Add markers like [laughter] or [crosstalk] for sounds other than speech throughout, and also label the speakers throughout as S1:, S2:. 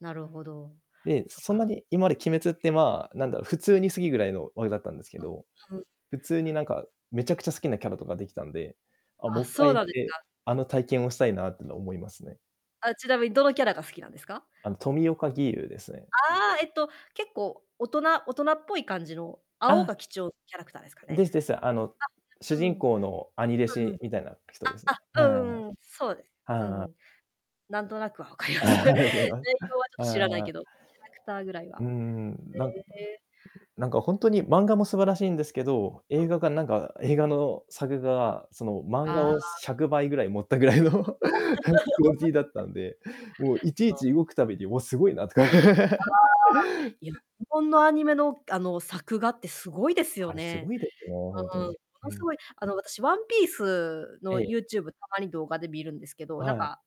S1: なるほど、
S2: で、
S1: そっ
S2: そんな
S1: か。
S2: に今まで鬼滅ってまあなんだろう、普通に好きぐらいのおれだったんですけど、
S1: うん。ふん。
S2: 普通になんかめちゃくちゃ好きなキャラとかできたんで、あ、
S1: あ、
S2: もっか
S1: そう
S2: い行
S1: な
S2: っ
S1: んです
S2: て、
S1: か？
S2: あの体験をしたいなっての思いますね。
S1: あ、ちなみにどのキャラが好きなんですか。
S2: あの、富岡義勇ですね。
S1: あ、えっと、結構大人大人っぽい感じの青
S2: あ。
S1: が基調キャラクターですか
S2: で
S1: ね。
S2: すです。あの、主
S1: あ、
S2: 人公の兄弟子
S1: [unintelligible] うん。うん。あ
S2: みたいな人ですね。は
S1: あ、
S2: い。
S1: うーん、そうです。う
S2: はあ。
S1: ん。なんとなくはわかりま
S2: あ、
S1: す。内
S2: ありがとうござい
S1: 容はちょっ
S2: ま
S1: と知らない
S2: は
S1: け
S2: あ。
S1: ど、キャラクターぐらい
S2: う
S1: は。
S2: んうん、なんなん、
S1: ええ。
S2: なんかほんとに漫画も素晴らしいんですけど、
S1: う
S2: 映
S1: ん。
S2: 画がなんか映画の作画がその漫画
S1: あ
S2: を
S1: あ。
S2: 100倍ぐらい盛ったぐらいの [chuckles] クオリティだった
S1: [laughs]
S2: んで、もういちい
S1: そう。
S2: ち動くたびに、おお、すごいなとか。
S1: あ、
S2: [laughs]
S1: いや、日本のアニメのがあの、作画ってすごいです
S2: あ
S1: よ
S2: れすご
S1: ね。
S2: いですね、ほんと
S1: うーん、
S2: に。
S1: も
S2: ふ
S1: のす
S2: ん。
S1: ごいあの、私ワンピース
S2: え
S1: の
S2: え。
S1: YouTube たまに動画で見るんですけど、なん
S2: はい。
S1: か、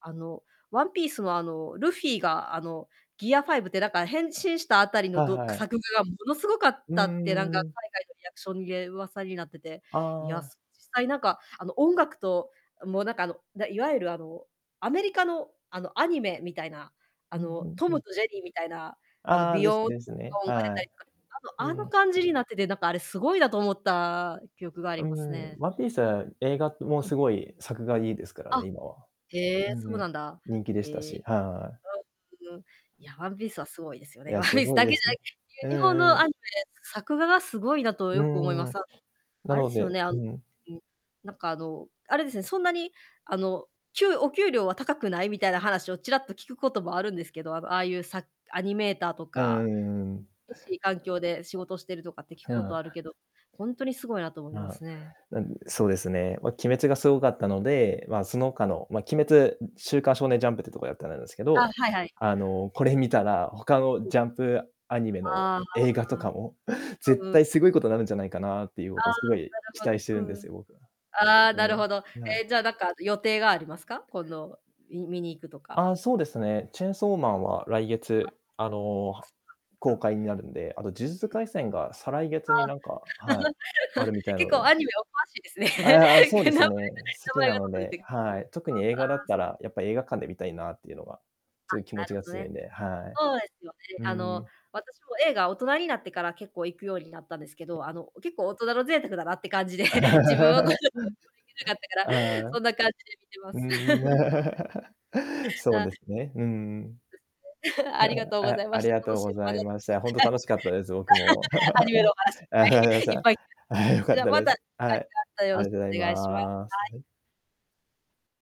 S1: あの、ワンピースのあのルフィがあの、ギア5って、なんか変身したあたり
S2: は
S1: のどく
S2: はい。
S1: 作画がものすごかっ
S2: うー
S1: たって、なんか海
S2: ん。
S1: 外のリアクションいえ噂になってて、
S2: あ
S1: いや、
S2: あ。
S1: す実際なんか、あの、音楽と、あ、もうなんかあの、だいわゆるあの、アメリカのあのアニメみたいな、あ
S2: うん、ふ
S1: の、
S2: ん
S1: ト
S2: ふ
S1: ム
S2: ん。
S1: とジェリーみたいな、あの
S2: ああ、
S1: ビ
S2: です
S1: ヨーント
S2: ですね、
S1: ーンが出
S2: は
S1: たりとか、
S2: い。
S1: あの
S2: う
S1: あの
S2: ん。
S1: 感じになってて、なんかあれすごいなと思った記憶があ
S2: あ、
S1: り
S2: うー
S1: ます
S2: ん、
S1: ね。
S2: ワンピース映画ってもう
S1: うん。
S2: すごい作画いいですからね、
S1: あ、
S2: 今は。
S1: へ
S2: う
S1: え、
S2: ー
S1: そうな
S2: ん。
S1: んだ。
S2: 人気でした
S1: え。
S2: し、はい。
S1: うん、ううん。いや、ワンピースは凄いですよ
S2: い
S1: ね。
S2: や、
S1: ワンピ
S2: す
S1: ース
S2: ごい
S1: だけ
S2: で
S1: じ
S2: す
S1: ゃな
S2: ね。
S1: いけいや
S2: う
S1: 日本
S2: んう
S1: の
S2: ん。
S1: アニメ作画がすごいなと
S2: う
S1: よく思いま
S2: ーん、
S1: す。あ、
S2: な
S1: あれで
S2: の
S1: すよ
S2: で
S1: ね、あ
S2: う
S1: の、
S2: ん。
S1: うん、なんかあの、あれですね、そんなにあの、給お給料は高くないみたいな話をちらっと聞くこともあるんですけど、あの、ああいうさアニメーターと
S2: あ、
S1: か、
S2: うんうんうん。
S1: けしい環境で仕事してるとかって聞く
S2: ひや
S1: こと
S2: あ。
S1: あるけど、ほんとにすごいなと思いま
S2: まあ、
S1: すね。
S2: なんでそうですね、ま、鬼滅がすごかったので、まあ
S1: あ。
S2: その他の、ま、鬼滅、ん、週刊少年ジャンプっていうとこでやってだなんすけ
S1: あ、
S2: ど、
S1: はいはい。
S2: あの、これ見たら、他の
S1: うん。
S2: ジャンプアニメの
S1: あ
S2: 映画とか
S1: あ、
S2: も、
S1: う
S2: 絶
S1: んうん。
S2: 対すごいことなるんじゃないかなっていうこと
S1: あ
S2: を
S1: あ
S2: す
S1: な
S2: ごい
S1: る
S2: 期
S1: ほ
S2: 待してるん
S1: ど。
S2: で
S1: うん。
S2: すよ、僕は。
S1: ああ
S2: う
S1: なるほど、
S2: ん。はい。
S1: え、じゃなんかあと予定がありますか？このみ見に行くとか。
S2: あ、そうですね。チェーンソーマンは来
S1: あ。
S2: 月、あの、
S1: おっか、
S2: は
S1: そ
S2: 公
S1: っか。
S2: 開になるんで、あと呪術廻戦が、再来
S1: あ
S2: 月に
S1: あ。
S2: なんかはい、あるみた
S1: [chuckles]
S2: いなの
S1: 結構
S2: で。
S1: アニメお詳しいですね。
S2: ああ、そう
S1: [laughs] え、
S2: で
S1: 名
S2: す
S1: 前が
S2: ね。好
S1: 名
S2: き
S1: 前
S2: な
S1: がちょ
S2: の
S1: っと出て
S2: で
S1: が。[unintelligible] そう、
S2: はい。特に映画だ
S1: あ
S2: っ
S1: あ。す
S2: たら、やっぱ映画館で見たいなっていうのが、
S1: あ、
S2: すごい気
S1: な
S2: 持ち
S1: る
S2: が
S1: ほど
S2: 強いん
S1: ね。
S2: で、はい。
S1: そうですよね。
S2: うー
S1: あの、
S2: ん。
S1: 私も映画大人になってから結構行くようになったんですけど、あの、結構大人の贅沢だなって感じで、
S2: [laughs] ちょっと、
S1: 自分は [unintelligible] できなかった
S2: あ
S1: から、
S2: あ。
S1: そんな感じで観てま
S2: う
S1: す。
S2: ん
S1: [chuckles]
S2: うん、[chuckles] そう
S1: あ。
S2: ですね、うんうん。
S1: ですね。[chuckles] ありが
S2: [chuckles]
S1: とうござ
S2: あ、
S1: いま
S2: あ
S1: し
S2: り
S1: た。
S2: がと
S1: 楽
S2: う
S1: し
S2: ご
S1: いおは
S2: ざ
S1: な
S2: い
S1: ま
S2: まし
S1: し
S2: た。ほんと楽しかったです、僕も。
S1: た。[chuckles] アニメ
S2: [chuckles]
S1: の話いっぱ
S2: あ、[unintelligible]
S1: いいっ
S2: さ。
S1: ぱい。いえ、
S2: あ、良か
S1: じ
S2: っ
S1: ゃじゃ
S2: た
S1: ま
S2: で
S1: た、が
S2: す。
S1: い
S2: は
S1: し
S2: い。
S1: ます。たよ
S2: あ
S1: ろ
S2: り
S1: し
S2: がとうござい
S1: くお願いしまは
S2: ます。
S1: い。
S2: はい。